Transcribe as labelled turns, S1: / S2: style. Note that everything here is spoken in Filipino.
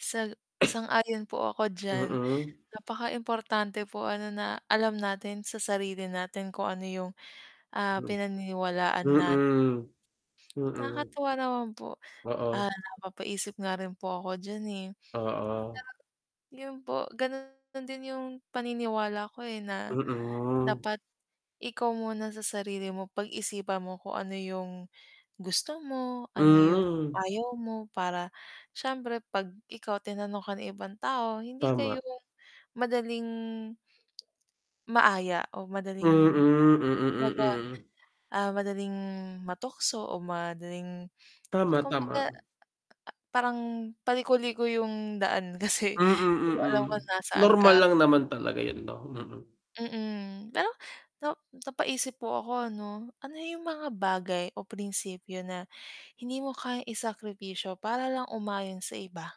S1: Sa sang-ayon po ako diyan,
S2: Mm.
S1: napakaimportante po ano na alam natin sa sarili natin kung ano 'yung, ah, pinaniniwalaan nat
S2: Mm, mm.
S1: Nakakatuwa naman po,
S2: Oo.
S1: ah, napapaisip nga rin po ako diyan, eh.
S2: Oo.
S1: Kaya, 'yun po gano'n din 'yung paniniwala ko, eh, na
S2: Mm.
S1: dapat ikaw muna sa sarili mo, pag-isipan mo kung ano 'yung gusto mo ano 'yung
S2: Hmm.
S1: ayaw mo para siyempre 'pag ikaw tinanong ka ng ibang tao, hindi kayo
S2: Tama.
S1: madaling maaya o
S2: Mm,
S1: madaling
S2: mm,
S1: maga
S2: mm.
S1: ah, madaling matukso o madaling tsa
S2: Tama, tama,
S1: kumbaga ah ah ah
S2: 'no.
S1: parang paliko-liko 'yung daan kasi
S2: Mm,
S1: di mo
S2: mm,
S1: alam kung nasaan ka.
S2: normal lang naman talaga 'yun 'no, mm.
S1: Mm, pero nap napaisip po ako ano, ano 'yung mga bagay o prinsipyo na hindi mo kayang isakripisyo para lang umayon sa iba?